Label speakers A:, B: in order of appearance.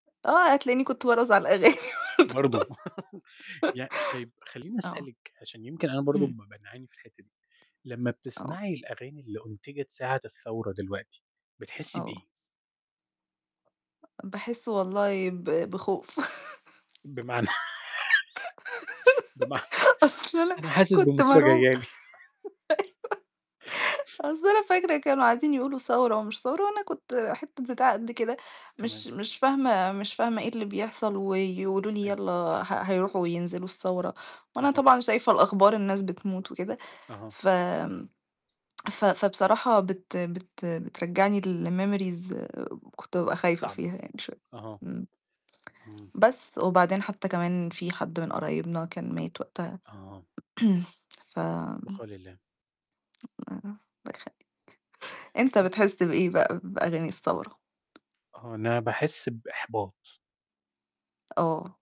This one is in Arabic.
A: آه، هتلاقيني كنت بارقُص على الأغاني بردو
B: برضه. يع طيب خلّيني
A: آه.
B: أسألِك، عشان يمكن أنا برضه
A: إمم.
B: بابقى باعاني في الحتّة دي، لمّا
A: آه.
B: بتسمعي الأغاني اللي أنُتِجَت ساعة الثورة دلوقتي، بتحسّي
A: آه.
B: بإيه؟
A: باحس والله ب بخوف.
B: بمعنى بمعنى،
A: أصل أنا
B: أنا حاسس
A: كنت
B: بمُصيبة
A: مرعوبة.
B: جاية لي.
A: أيوه. أصل أنا فاكرة كانوا قاعدين يقولوا ثورة ومش ثورة وأنا كنت حتّة بتاعة قد كده،
B: تمام.
A: مش مش فاهمة مش فاهمة إيه اللي بيحصل ويقولوا لي:
B: أيوه.
A: "يلّا ه هيروحوا وينزلوا الثورة،" وأنا
B: أها.
A: طبعًا شايفة الأخبار الناس بتموت وكده،
B: أها.
A: ف آمم، ف فبصراحة بت بت بترجّعني لmemories كنت بابقى خايفة
B: طَب
A: فيها يعني شوية،
B: أها.
A: إمم.
B: إمم.
A: بس وبعدين حتّى كمان في حد من قرايبنا كان مات وقتها
B: آه.
A: ف
B: البقاء الله.
A: [unintelligible] الله يخلّيك. أنت
B: بس؟
A: بتحس بإيه بقى بأغاني الثورة؟
B: آه أنا باحس بإحباط.
A: آه.